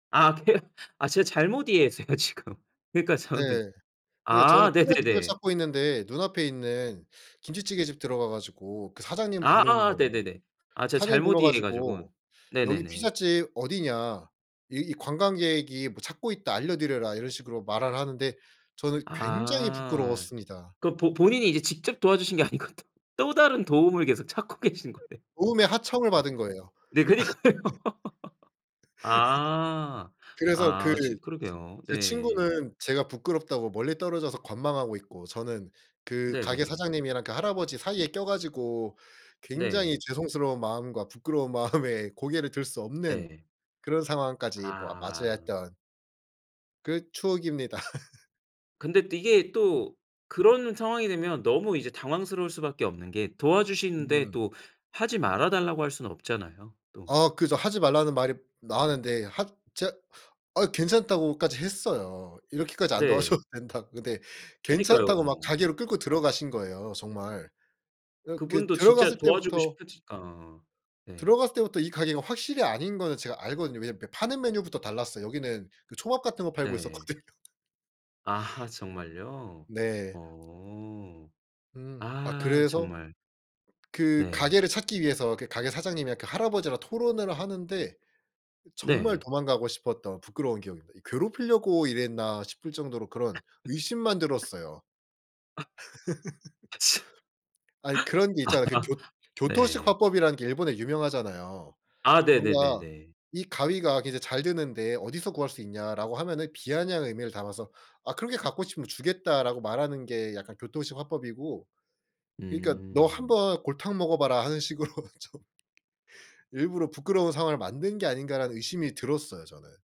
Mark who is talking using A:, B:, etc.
A: 아 케르 아 제가 잘못 이해했어요 지금. 그러니까
B: 네.
A: 저는
B: 그니까 저는
A: 아
B: 피자집을
A: 네네네.
B: 찾고 있는데 눈앞에 있는 김치찌개 집 들어가 가지고 그 사장님
A: 아
B: 부르는
A: 아
B: 거예요.
A: 네네네. 아 제가
B: 사장님
A: 잘못
B: 불러
A: 이해해 가지고.
B: 가지고 "여기
A: 네네네.
B: 피자집 어디냐? 이 이 관광객이 뭐 찾고 있다. 알려드려라." 이런 식으로 말을 하는데 저는 굉장히
A: 아.
B: 부끄러웠습니다.
A: 그럼 보 본인이 이제 직접 도와주신 게 아니고 또, 또 다른 도움을 계속 찾고 계신 거네요.
B: 도움의 하청을 받은
A: [unintelligible]
B: 거예요.
A: 네 그니까요. 아.
B: 그래서 그
A: 아 저 그러게요.
B: 제
A: 네.
B: 친구는 제가 부끄럽다고 멀리 떨어져서 관망하고 있고 저는 그 가게
A: 네네.
B: 사장님이랑 그 할아버지 사이에 껴 가지고 굉장히
A: 네.
B: 죄송스러운 마음과 부끄러운 마음에 고개를 들 수 없는
A: 네.
B: 그런 상황까지 뭐
A: 아.
B: 맞이했던 그 추억입니다.
A: 근데 또 이게 또 그런 상황이 되면 너무 이제 당황스러울 수밖에 없는 게 도와주시는데
B: 음.
A: 또 하지 말아 달라고 할 수는 없잖아요 또.
B: 아 그 저 하지 말라는 말이 나왔는데 하 제가 아 괜찮다고까지 했어요. 이렇게까지 안
A: 네.
B: 도와줘도 된다고. 근데
A: 그니까요.
B: 괜찮다고 막 가게로 끌고 들어가신 거예요 정말. 어 그
A: 그분도
B: 들어갔을
A: 진짜 도와주고
B: 때부터
A: 싶으시니까. 네.
B: 들어갔을 때부터 이 가게가 확실히 아닌 거는 제가 알거든요. 왜냐면 이렇게 파는 메뉴부터 달랐어요. 여기는 그 초밥 같은 거 팔고
A: 네.
B: 있었거든요.
A: 아하 정말요?
B: 네.
A: 어.
B: 음 아
A: 아
B: 그래서
A: 정말.
B: 그
A: 네.
B: 가게를 찾기 위해서 그 가게 사장님이랑 그 할아버지랑 토론을 하는데 정말
A: 네.
B: 도망가고 싶었던 부끄러운 기억입니다. 이 '괴롭히려고 이랬나.' 싶을 정도로 그런 의심만 들었어요.
A: 아. 아 참
B: 아니 그런 게 있잖아. 그 교 교토식
A: 네.
B: 화법이라는 게 일본에 유명하잖아요.
A: 아
B: 뭔가
A: 네네네네.
B: "이 가위가 굉장히 잘 드는데 어디서 구할 수 있냐?"라고 하면은 비아냥 의미를 담아서 "아 그렇게 갖고 싶으면 주겠다."라고 말하는 게 약간 교토식 화법이고 그니까 '너
A: 음.
B: 한번 골탕 먹어봐라 하는 식으로 좀 일부러 부끄러운 상황을 만든 게 아닌가.'라는 의심이 들었어요 저는.